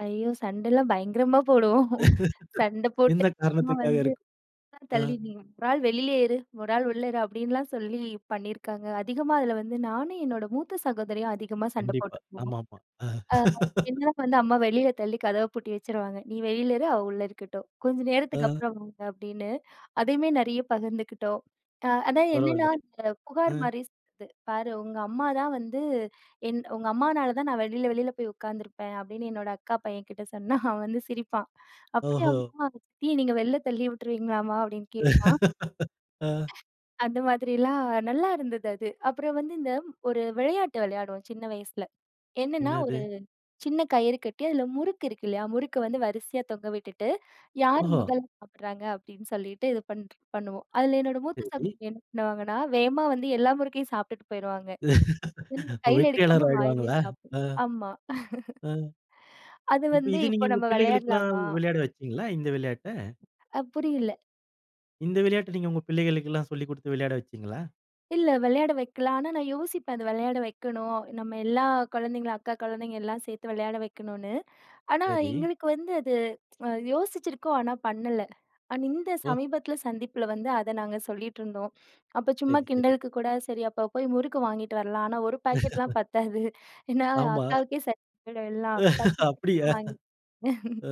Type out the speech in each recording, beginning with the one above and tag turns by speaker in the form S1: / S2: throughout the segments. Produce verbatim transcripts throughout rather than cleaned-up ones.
S1: ஐயோ! சண்டலாம் பயங்கரமா போடுவோம். சண்டை போட்டு
S2: எந்த
S1: அம்மா
S2: காரணத்துக்காக
S1: வந்து,
S2: இருக்
S1: [unintelligible]
S2: அ.
S1: தள்ளி நீ ஒரு ஆள் வெளிலயேயிரு "ஒரு ஆள் உள்ள தான்." அப்படின்லாம் சொல்லி பண்ணிருக்காங்க. அதிகமா அதுல வந்து நானும் என்னோட மூத்த சகோதரியும் அதிகமா சண்ட
S2: கண்டிப்பா.
S1: போட்டுக்குவோம்.
S2: ஆமாமா. அ
S1: அ என்ன வந்து அம்மா வெளியில தள்ளி கதவ பூட்டி வச்சுருவாங்க, "நீ வெளியில இரு, அவ உள்ள இருக்கட்டும். கொஞ்ச
S2: அ.
S1: நேரத்துக்கப்புறம் வாங்க" அப்படின்னு. அதையுமே நிறைய பகிர்ந்துக்கிட்டோம். அ அதான் என்னன்னா,
S2: பரவாயில்லை.
S1: இந்த புகார்
S2: ம்.
S1: மாரி [unintelligible] பாரு உங்க அம்மா தான் வந்து, "என் உங்க அம்மானால தான் நான் வெளியில வெளியில போய் உட்காந்துருப்பேன்" அப்படின்னு என்னோட அக்கா பையன்கிட்ட சொன்னா அவன் வந்து சிரிப்பான்.
S2: ஓஹோ!
S1: "அப்படியாம்மா சித்திய நீங்க வெளில தள்ளி விட்டுருவீங்களாம்மா?" அப்படின்னு கேட்பான்.
S2: அ.
S1: அந்த மாதிரிலாம் நல்லா இருந்தது அது. அப்புறம் வந்து இந்த ஒரு விளையாட்டு விளையாடுவோம் சின்ன வயசுல. என்னன்னா ஒரு
S2: என்னது?
S1: சின்ன கயிறு கட்டி அதுல முறுக்கு இருக்கு இல்லயா, முறுக்கு வந்து வரிசையா தொங்க விட்டுட்டு, யார்
S2: ஓஹோ!
S1: முதல்ல சாப்டுறாங்க அப்படின்னு சொல்லிட்டு இது பண் ட் பண்ணுவோம். அதுல என்னோட மூத்த
S2: சரி.
S1: சகோதரி என்ன பண்ணுவாங்கன்னா, வேகமா வந்து எல்லா முறுக்கையும் சாப்பிட்டுட்டு போயிருவாங்க. கையில
S2: வெற்றியாளர்
S1: எடுக்காம வாயிலயே
S2: ஆயிடுவாங்களா? அ.
S1: சாப்பிடணும் ஆமா
S2: அ
S1: "அது
S2: இப்ப
S1: வந்து
S2: இது நீங்க
S1: இப்ப
S2: உங்க
S1: நம்ப
S2: பிள்ளைகளுக்குலாம்
S1: விளையாடலாமா?"
S2: விளையாட வச்சீங்களா, இந்த விளையாட்ட?
S1: அ புரியில.
S2: இந்த விளையாட்ட நீங்க உங்க பிள்ளைகளுக்குலாம் சொல்லிக் குடுத்து விளையாட வச்சீங்களா?
S1: இல்ல விளையாட வைக்கலாம். ஆனா நான் யோசிப்பேன், அதை விளையாட வைக்கணும். நம்ம எல்லா குழந்தைங்கள, அக்கா குழந்தைங்க எல்லாம் சேர்த்து விளையாட வைக்கணும்னு. ஆனா,
S2: சரி.
S1: எங்களுக்கு வந்து அது யோசிச்சிருக்கோம் ஆனா பண்ணல. ஆனா இந்த
S2: ஓ.
S1: சமீபத்துல சந்திப்புல வந்து, அத நாங்க சொல்லிட்ருந்தோம். அப்ப சும்மா
S2: சரி, சரி.
S1: கிண்டலுக்கு கூட சரி அப்ப போய் முறுக்கு வாங்கிட்டு வரலாம். ஆனா, ஒரு பாக்கெட்லாம் பத்தாது. ஏன்னா
S2: ஆமா.
S1: அக்காவுக்கே சரியா போய்டும் எல்லாம். பத்து [unintelligible]
S2: அப்படியா?
S1: வாங்கிட்டு [unintelligible]
S2: ஆ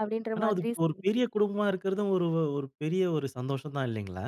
S1: அப்படின்ற
S2: ஆனா அது
S1: மாதிரி
S2: ஒரு
S1: [unintelligible]
S2: பெரிய குடும்பமா இருக்குறதும் ஒரு வ -ஒரு பெரிய ஒரு சந்தோஷம் தான் இல்லைங்களா?